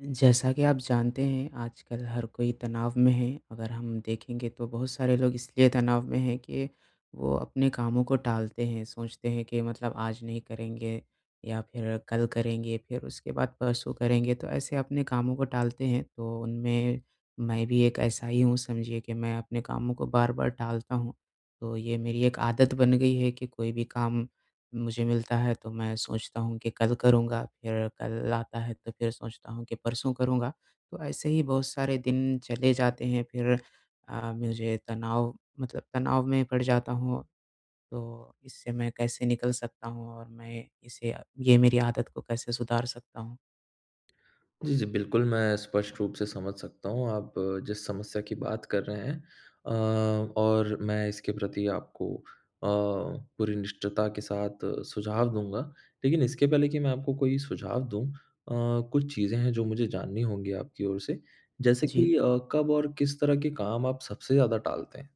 जैसा कि आप जानते हैं आजकल हर कोई तनाव में है। अगर हम देखेंगे तो बहुत सारे लोग इसलिए तनाव में हैं के वो अपने कामों को टालते हैं सोचते हैं कि मतलब आज नहीं करेंगे या फिर कल करेंगे फिर उसके बाद परसों करेंगे तो ऐसे अपने कामों को टालते हैं। तो उनमें मैं भी एक ऐसा ही हूँ समझिए कि मैं अपने कामों को बार-बार टालता हूँ। तो ये मेरी एक आदत बन गई है कि कोई भी काम मुझे मिलता है तो मैं सोचता हूँ कि कल करूँगा। फिर कल आता है तो फिर सोचता हूँ कि परसों करूँगा। तो ऐसे ही बहुत सारे दिन चले जाते हैं फिर अ, मुझे तनाव मतलब तनाव में पड़ जाता हूँ। तो इससे मैं कैसे निकल सकता हूँ? और मैं इसे अ, ये मेरी आदत को कैसे सुधार सकता हूँ? जी, जी बिल्कुल। मैं स्पष्ट रूप से समझ सकता हूँ आप जिस समस्या की बात कर रहे हैं। अ, और मैं इसके प्रति आपको अ, पूरी निष्ठता के साथ सुझाव दूँगा। लेकिन इसके पहले कि मैं आपको कोई सुझाव दूँ, अ, कुछ चीज़ें हैं जो मुझे जाननी होंगी आपकी ओर से। जैसे जी। कि अ, कब और किस तरह के काम आप सबसे ज़्यादा टालते हैं?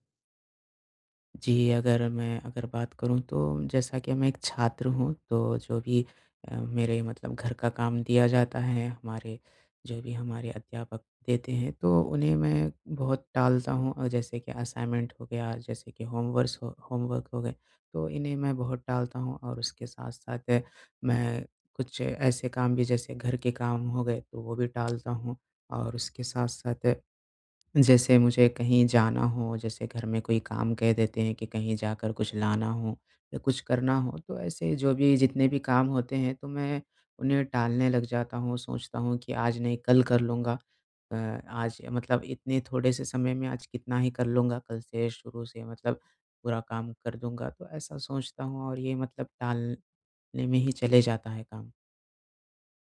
जी, अगर मैं अगर बात करूँ तो, जैसा कि मैं एक छात्र हूँ। तो जो भी अ, मेरे मतलब घर का काम दिया जाता है, हमारे जो भी हमारे अध्यापक देते हैं, तो उन्हें मैं बहुत टालता हूँ, और जैसे कि असाइनमेंट हो गया जैसे कि होमेवर्से अ, होमवर्क हो गए। तो इन्हें मैं बहुत टालता हूँ, और उसके साथ-साथ, मैं कुछ ऐसे काम भी जैसे घर के काम हो गए वो भी टालता हूँ। और उसके साथ-साथ जैसे मुझे कहीं जाना हो, जैसे घर में कोई काम कह देते हैं कि कहीं जाकर कुछ लाना हो, या कुछ करना हो। तो ऐसे जो भी जितने भी काम होते हैं, तो मैं उन्हें टालने लग जाता हूँ, सोचता हूँ कि आज नहीं कल कर लूँगा। अ आज मतलब इतने थोड़े-से समय में आज कितना ही कर लूँगा, कल से शुरू से मतलब पूरा काम कर दूँगा। तो ऐसा सोचता हूँ, और ये मतलब टाल ने में ही चले जाता है काम।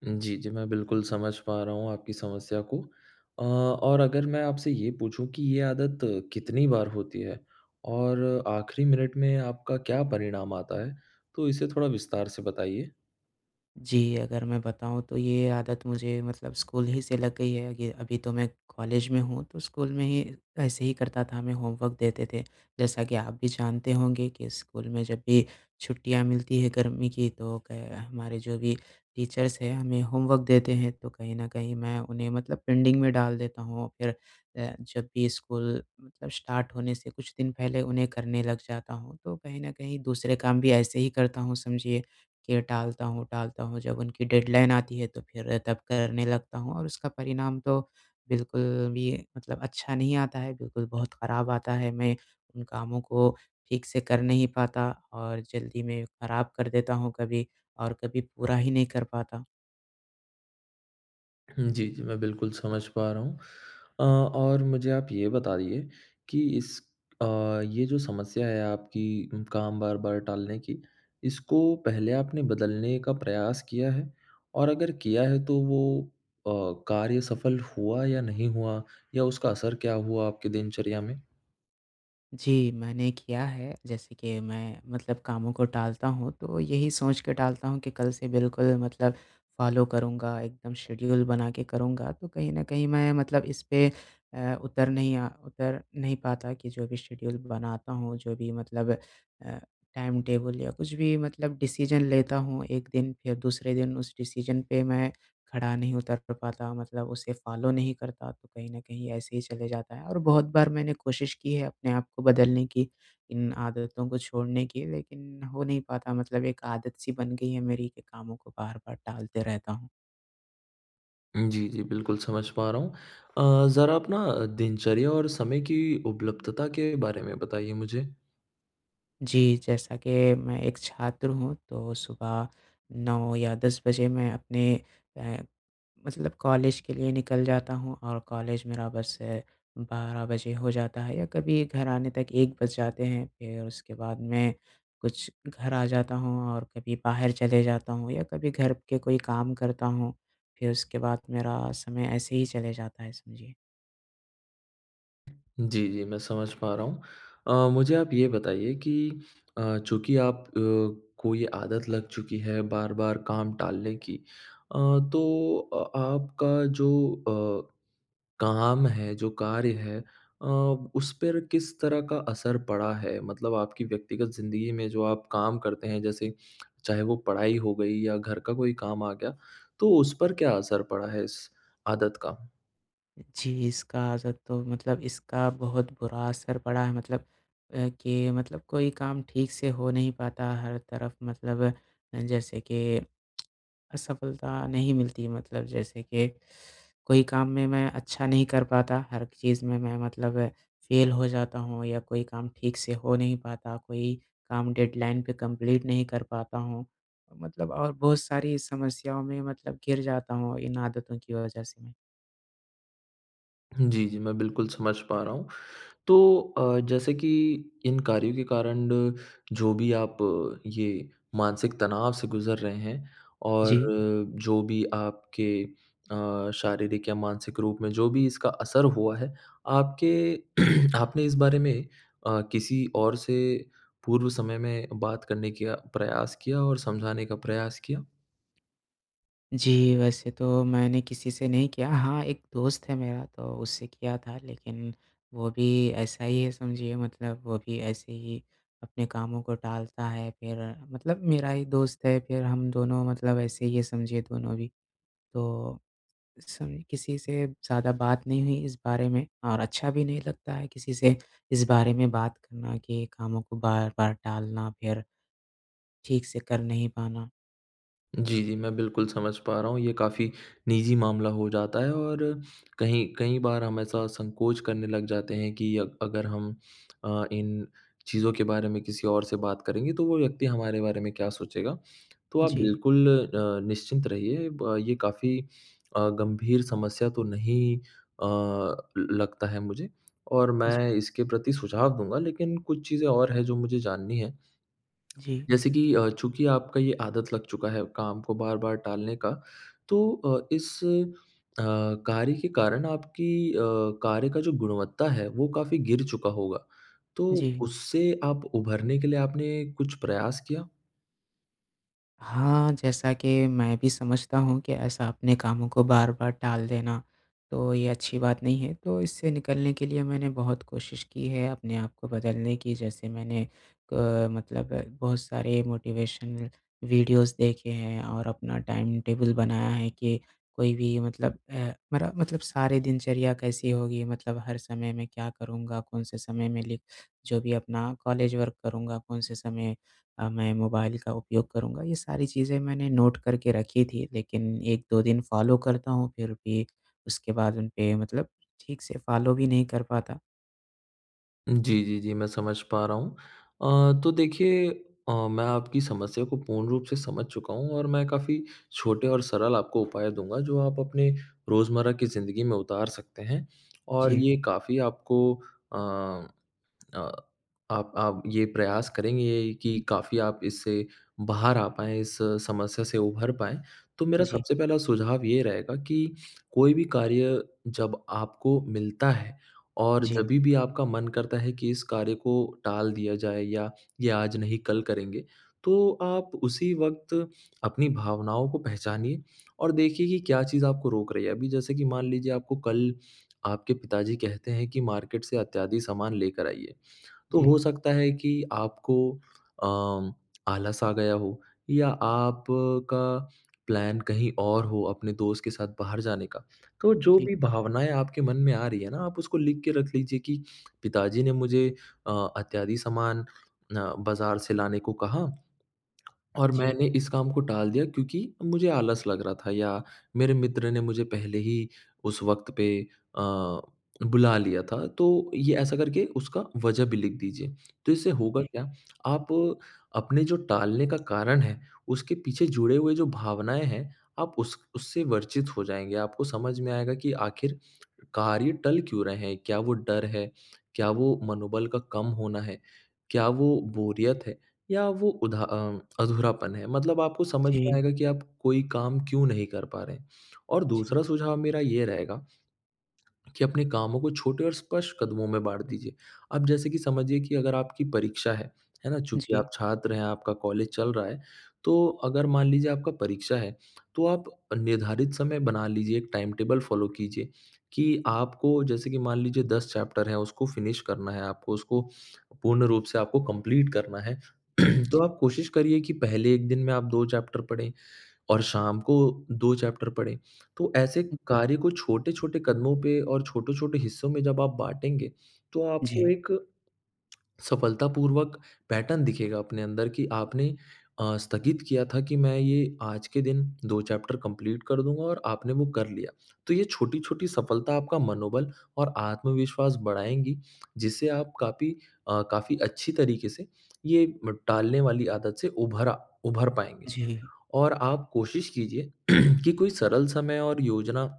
उम, जी, जी। मैं बिल्कुल समझ पा रहा हूँ, आपकी समस्या को। अ, और अगर मैं आपसे ये पूछूँ, कि ये आदत कितनी बार होती है? और आखिरी मिनट में आपका क्या परिणाम आता है? तो इसे थोड़ा विस्तार से बताइए। जी, अगर मैं बताऊँ तो ये आदत मुझे मतलब स्कूल ही से लग गई है ये अभी तो मैं कॉलेज में हूँ तो स्कूल में ही ऐसे ही करता था हमें होमवर्क देते थे। जैसा कि आप भी जानते होंगे कि स्कूल में जब भी छुट्टियाँ मिलती हैं गर्मी की तो क हमारे जो भी टीचर्स हैं, हमें होमवर्क देते हैं तो कहीं न कहीं मैं उन्हें मतलब पेंडिंग में डाल देता हूँ फिर अ, जब भी स्कूल मतलब स्टार्ट होने से कुछ दिन पहले उन्हें करने लग जाता हूँ तो कहीं न कहीं दूसरे काम भी ऐसे ही करता हूँ समझिए कि टालता हूँ, टालता हूँ जब उनकी डेडलाइन आती है तो फिर तब करने लगता हूँ और उसका परिणाम तो बिल्कुल भी मतलब अच्छा नहीं आता है बिल्कुल बहुत खराब आता है मैं उन कामों को ठीक से कर नहीं पाता और जल्दी मैं खराब कर देता हूँ कभी और कभी पूरा ही नहीं कर पाता। हुँ। जी, जी। मैं बिल्कुल समझ पा रहा हूँ। अ और मुझे आप ये बताइए कि इस अ, ये जो समस्या है आपकी काम बार-बार टालने की, इसको पहले आपने बदलने का प्रयास किया है? और अगर किया है तो वो अ, कार्य सफल हुआ या नहीं हुआ या उसका असर क्या हुआ आपकी दिनचर्या में? जी, मैंने किया है। जैसे कि मैं मतलब कामों को टालता हूँ, तो यही सोच के टालता हूँ कि कल से बिल्कुल मतलब फॉलो करूँगा, एकदम शेड्यूल बना के करूँगा। तो कहीं न कहीं मैं मतलब इस पे अ, उतर नहीं अ, उतर नहीं पाता कि जो भी शेड्यूल बनाता हूँ, जो भी मतलब अ, टाइम-टेबल या कुछ भी मतलब डिसीजन लेता हूँ, 1 दिन फिर दूसरे दिन उस डिसीजन पे मैं खड़ा नहीं उतर प पाता मतलब उसे फॉलो नहीं करता। तो, कहीं न कहीं ऐसे ही चले जाता है और बहुत बार मैंने कोशिश की है, अपने आप को बदलने की, इन आदतों को छोड़ने की। लेकिन हो नहीं पाता मतलब एक आदत सी बन गई है मेरी, के कामों को बार-बार टालते रहता हूँ। उम, जी, जी। बिल्कुल समझ पा रहा हूँ। अ, ज़रा अपना दिनचर्या और समय की उपलब्धता के बारे में बताइए मुझे? जी, जैसा कि मैं एक छात्र हूँ, तो सुबह 9 या 10 बजे मैं अपने अ, मतलब कॉलेज के लिए निकल जाता हूँ और कॉलेज मेरा बस है, 12 बजे हो जाता है या कभी घर आने तक 1 बज जाते हैं। फिर उसके बाद में, कुछ घर आ जाता हूँ और कभी बाहर चले जाता हूँ या कभी घर के कोई काम करता हूँ। फिर उसके बाद मेरा समय ऐसे ही चले जाता है, समझिए। जी, जी, मैं समझ पा रहा हूँ। अ, मुझे आप ये बताइए कि अ, चूँकि आप अ, को ये आदत लग चुकी है, बार-बार काम टालने की। अ, तो अ आपका जो अ, काम है, जो कार्य है अ, उस पर किस तरह का असर पड़ा है? मतलब आपकी व्यक्तिगत ज़िंदगी में जो आप काम करते हैं, जैसे चाहे वो पढ़ाई हो गई या घर का कोई काम आ गया, तो उस पर क्या असर पड़ा है इस आदत का? जी, इसका असर तो मतलब इसका बहुत बुरा असर पड़ा है मतलब अ, कि मतलब कोई काम ठीक से हो नहीं पाता, हर तरफ मतलब अ, जैसे कि असफलता नहीं मिलती है मतलब। जैसे कि कोई काम में मैं अच्छा नहीं कर पाता, हर चीज़ में मैं मतलब फ़ेल हो जाता हूँ या कोई काम ठीक से हो नहीं पाता, कोई काम डेडलाइन पे कम्प्लीट नहीं कर पाता हूँ। मतलब और बहुत सारी समस्याओं में मतलब घिर जाता हूँ इन आदतों की वजह से मैं। जी, जी, मैं बिल्कुल समझ पा रहा हूँ। तो अ, जैसे कि इन कार्यों के कारण जो भी आप ये मानसिक तनाव से गुज़र रहे हैं, और जी। जो भी आपके अ, शारीरिक या मानसिक रूप में जो भी इसका असर हुआ है, आपके आपने इस बारे में अ, किसी और से पूर्व समय में बात करने किया प्रयास किया और समझाने का प्रयास किया? जी, वैसे तो मैंने किसी से नहीं किया। हाँ, एक दोस्त है मेरा तो उससे किया था। लेकिन वो भी ऐसा ही है, समझिए मतलब वो भी ऐसे ही, अपने कामों को टालता है। फिर मतलब मेरा ही दोस्त है, फिर हम दोनों मतलब ऐसे ही है, समझिए दोनों भी। तो, उस समय किसी से ज़्यादा बात नहीं हुई इस बारे में और अच्छा भी नहीं लगता है, किसी से इस बारे में बात करना कि कामों को बार-बार टालना। फिर, ठीक से कर नहीं पाना। जी, जी, मैं बिल्कुल समझ पा रहा हूँ, ये काफ़ी निजी मामला हो जाता है और कहीं कई बार हम ऐसा संकोच करने लग जाते हैं कि अग अगर हम अ, इन चीज़ों के बारे में किसी और से बात करेंगे, तो वो व्यक्ति हमारे बारे में क्या सोचेगा। तो आप जी। बिल्कुल अ, निश्चिंत रहिए ब ये काफ़ी अ, गंभीर समस्या तो नहीं अ, ल लगता है, मुझे। और मैं जी। इसके प्रति सुझाव दूँगा। लेकिन कुछ चीज़ें और हैं, जो मुझे जाननी है। जी। जैसे कि अ, चूँकि आपका ये आदत लग चुका है, काम को बार-बार टालने का, तो अ, इस अ, कार्य के कारण आपकी अ, कार्य का जो गुणवत्ता है, वो काफ़ी गिर चुका होगा। तो, जी। उससे आप उभरने के लिए आपने कुछ प्रयास किया? हाँ, जैसा कि मैं भी समझता हूँ कि ऐसा अपने कामों को बार-बार टाल देना, तो ये अच्छी बात नहीं है, तो इससे निकलने के लिए मैंने बहुत कोशिश की है अपने आप को बदलने की जैसे मैंने अ, मतलब बहुत सारे मोटिवेशन वीडियोस देखे हैं, और अपना टाइम टेबल बनाया है कि कोई भी मतलब अ, मेरा मतलब सारी दिनचर्या कैसी होगी मतलब हर समय में क्या करूँगा? कौन-से समय में लिख जो भी अपना कॉलेज वर्क करूँगा, कौन से समय अ मैं मोबाइल का उपयोग करूँगा? ये सारी चीज़ें मैंने नोट करके रखी थी। लेकिन 1-2 दिन फ़ॉलो करता हूँ, फिर भी उसके बाद उनपे मतलब ठीक से फ़ॉलो भी नहीं कर पाता। जी, जी, जी, मैं समझ पा रहा हूँ। अ, तो देखिए अ, मैं आपकी समस्या को पूर्ण रूप से समझ चुका हूँ और मैं काफ़ी छोटे और सरल आपको उपाय दूँगा, जो आप अपने रोज़मर्रा की ज़िंदगी में उतार सकते हैं। और जी। ये काफ़ी आपको अ, अ, आप आप ये प्रयास करेंगे कि काफ़ी आप इससे बाहर आ पाएँ, इस समस्या से उभर पाएँ, तो मेरा जी। सबसे पहला सुझाव ये रहेगा कि, कोई भी कार्य जब आपको मिलता है, और जी। जभी भी आपका मन करता है कि इस कार्य को टाल दिया जाए या ये आज नहीं कल करेंगे, तो आप उसी वक्त अपनी भावनाओं को पहचानिए और देखिए कि क्या चीज़ आपको रोक रही है। अभी जैसे कि मान लीजिए आपको कल आपके पिताजी कहते हैं कि मार्केट से अत्यादि सामान लेकर आइए। तो जी। हो सकता है कि आपको अ, आलस आ गया हो या आपका प्लान कहीं और हो अपने दोस्त के साथ बाहर जाने का, तो जो जी। भी भावनाएँ आपके मन में आ रही है ना, आप उसको लिख के रख लीजिए कि पिताजी ने मुझे अ, अत्यादि सामान अ, बाज़ार से लाने को कहा और जी। मैंने इस काम को टाल दिया क्योंकि मुझे आलस लग रहा था, या मेरे मित्र ने मुझे पहले ही उस वक्त पे अ, बुला लिया था तो ये ऐसा करके उसका वजह भी लिख दीजिए। तो इससे होगा जी। क्या, आप अपने जो टालने का कारण है उसके पीछे जुड़े हुए जो भावनाएँ हैं, आप उस उससे वर्चित हो जाएँगे। आपको समझ में आएगा कि आखिर कार्य टल क्यों रहे हैं, क्या वो डर है? क्या वो मनोबल का कम होना है, क्या वो बोरियत है या वो उधा अ, अधूरापन है। मतलब आपको समझ में जी। आएगा कि आप कोई काम क्यों नहीं कर पा रहे। और जी। दूसरा सुझाव मेरा ये रहेगा कि अपने कामों को छोटे और स्पष्ट कदमों में बाँट दीजिए। अब जैसे कि समझिए कि अगर आपकी परीक्षा है। है ना? चूँकि आप जी। छात्र हैं, आपका कॉलेज चल रहा है, तो अगर मान लीजिए आपका परीक्षा है, तो आप निर्धारित समय बना लीजिए, एक टाइम-टेबल फॉलो कीजिए कि आपको जैसे कि मान लीजिए 10 चैप्टर हैं उसको फ़िनिश करना है, आपको उसको पूर्ण रूप से आपको कंप्लीट करना है। जी। तो आप कोशिश करिए कि पहले एक दिन में आप 2 चैप्टर पढ़ें और शाम को 2 चैप्टर पढ़े, तो ऐसे ठीक है। कार्य को छोटे-छोटे कदमों पे और छोटे-छोटे हिस्सों में जब आप बाटेंगे, तो आपको जी। एक, सफलतापूर्वक पैटर्न दिखेगा अपने अंदर कि आपने अ, स्थगित किया था कि मैं ये आज के दिन 2 चैप्टर कंप्लीट कर दूँगा और आपने वो कर लिया। तो ये छोटी-छोटी सफलता आपका मनोबल और आत्मविश्वास बढ़ाएँगी, जिससे आप कापी अ, काफ़ी अच्छी तरीके से, ये टालने वाली आदत से उभरा उभर पाएँगे। जी। और आप कोशिश कीजिए कि कोई सरल समय और योजना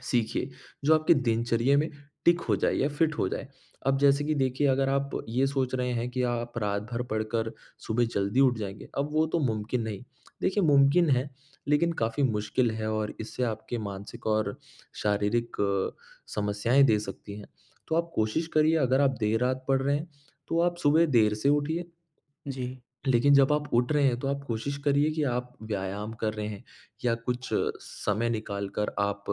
सीखिए जो आपके दिनचर्या में टिक हो जाए या फ़िट हो जाए। अब जैसे कि देखिए अगर आप ये सोच रहे हैं, कि आप रात भर पढ़कर सुबह जल्दी उठ जाएँगे, अब वो तो मुमकिन नहीं। देखिए मुमकिन है लेकिन काफ़ी मुश्किल है और इससे आपके मानसिक और शारीरिक समस्याएँ दे सकती हैं। तो आप कोशिश करिए अगर आप देर रात पढ़ रहे हैं तो आप सुबह देर से उठिए। जी। लेकिन जब आप उठ रहे हैं, तो आप कोशिश करिए कि आप व्यायाम कर रहे हैं या कुछ समय निकाल कर आप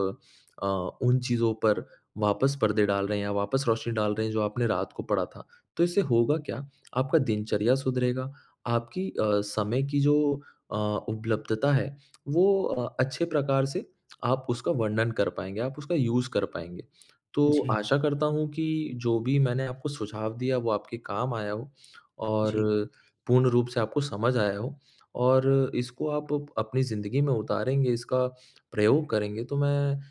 अ, उन चीज़ों पर वापस पर्दे डाल रहे हैं या वापस रोशनी डाल रहे हैं, जो आपने रात को पढ़ा था। तो इससे होगा क्या, आपका दिनचर्या सुधरेगा, आपकी अ, समय की जो अ, उपलब्धता है वो अ, अच्छे प्रकार से आप उसका वर्णन कर पाएँगे आप उसका यूज़ कर पाएँगे। तो जी। आशा करता हूँ कि, जो भी मैंने आपको सुझाव दिया वो आपके काम आया हो और जी। पूर्ण रूप से आपको समझ आया हो और इसको आप अपनी ज़िंदगी में उतारेंगे इसका प्रयोग करेंगे तो मैं अ,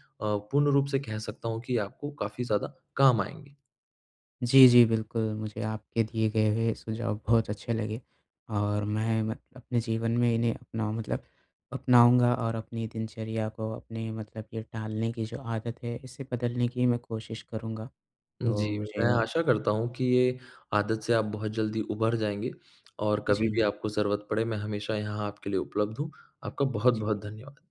पूर्ण रूप से कह सकता हूँ कि आपको, काफ़ी ज़्यादा काम आएँगे। जी, जी, बिल्कुल। मुझे आपके दिए गए हुए सुझाव बहुत अच्छे लगे और मैं, मैं अपने जीवन में इन्हें अपनाऊ मतलब अपनाऊँगा और अपनी दिनचर्या को अपने मतलब ये टालने की जो आदत है, इसे बदलने की मैं कोशिश करूँगा। जी। तो मैं, मुझे आशा करता हूँ कि ये आदत से आप बहुत जल्दी उभर जाएँगे और कभी-भी जी। आपको ज़रूरत पड़े, मैं हमेशा यहाँ आपके लिए उपलब्ध हूँ। आपका जी। बहुत-बहुत धन्यवाद।